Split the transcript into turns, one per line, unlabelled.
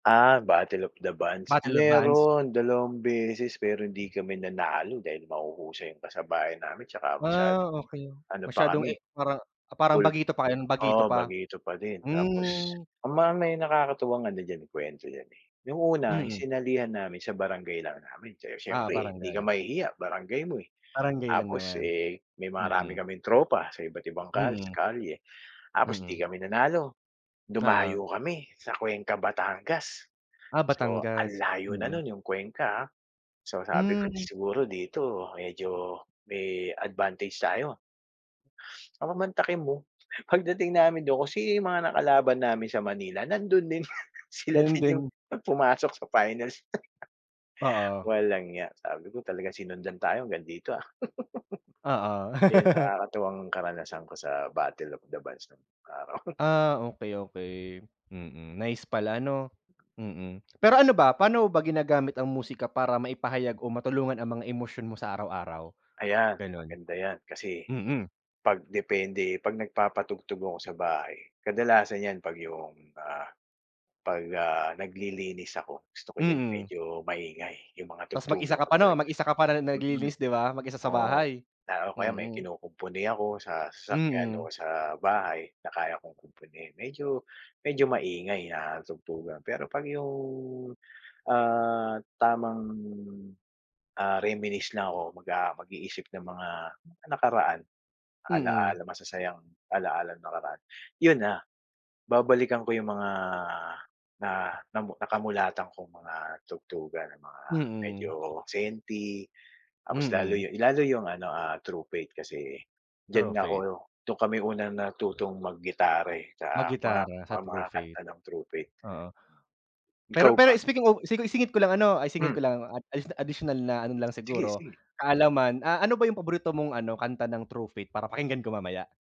Ah, Battle of the Bands,
Battle of Bands.
meron, 2 beses pero hindi kami nanalo dahil mahuhusay yung kasabayan namin tsaka
Ah,
masyadong
okey,
ano pa
masyadong, eh,
kami,
para parang
pul
bagito pa ngayon bagito
oo,
pa?
bagito pa din tapos
Hmm.
ang mga may nakakatuwa nga diyan kuwento diyan, eh. 'ong una
Mm.
sinalihan namin sa barangay lang namin
Ah,
siyempre
parang
hindi ka
ganun.
mahihiya barangay mo, eh.
Baranggay lang
Tapos,
naman.
eh, may marami
Mm.
kaming tropa sa iba't ibang kal
Mm.
kalye tapos 'di
Mm.
kami nanalo,
Oo.
dumayo kami sa Cuenca Batangas.
Ah,
So ang
Batangas,
layo na
mm.
no'n 'yong Cuenca, ah. So sabi ko
Hmm.
siguro dito medyo may advantage tayo. Papamantakin mo pagdating namin dun kung sino yung mga nakalaban namin sa Manila, nandun din, sila
Yun
din yung
din.
pumasok sa finals.
Oo.
Walang ya sabi ko talaga sinundan tayo hanggang dito, ah.
Oo.
Ayun, nakakatuwang karanasan ko sa Battle of the Bands nung araw.
Ah, okey, okey. Mm, nice pala 'no? Mm, pero ano ba, pano mo ba ginagamit ang musika para maipahayag o matulungan ang mga emosyon mo sa araw-araw?
Ayan,
Ganon.
maganda 'yan kasi,
Mm.
'pag depende, 'pag nagpapatugtog ako sa bahay, kadalasan 'yan 'pag yung, ah, 'pag ah, naglilinis ako, gusto ko diyan
Mm.
medyo maingay yung mga
'Tas mag isa
tugtugan
ka
ko
pa no,
talaga.
mag isa ka pa
Mm.
naglilinis di ba? Mag isa sa
Oo
bahay.
o kaya may
Mm.
kinukumpuni ako sa sasakyan o
Mm.
sa bahay na kaya kong kumpuni medyo, medyo maingay na tugtugan pero 'pag yung, ah, tamang, ah, reminisce na ako mag mag-iisip ng mga nakaraan,
Mm.
ala-ala masasayang ala-ala nung nakaraan, yun na, babalikan ko yung mga, na nakamulatan kong mga tugtugan ng mga medyo
Mm.
senti, tapos lalo
Mm.
yung, lalo yung ano, ah, True Faith kasi
True
diyan ako,
Faith.
dun kami unang natutong mag-gitara, eh, sa mga
Mag-gitara sa
mga
True Faith.
kanta ng True Faith.
Oo.
Ikaw
Pero -pero
ba?
speaking of isingit ko lang 'no, isingit
Hmm.
ko lang at additional na ano lang siguro,
Sige-sige.
kaalaman, ah, ano ba yung paborito mong ano, kanta ng True faith para pakinggan ko mamaya?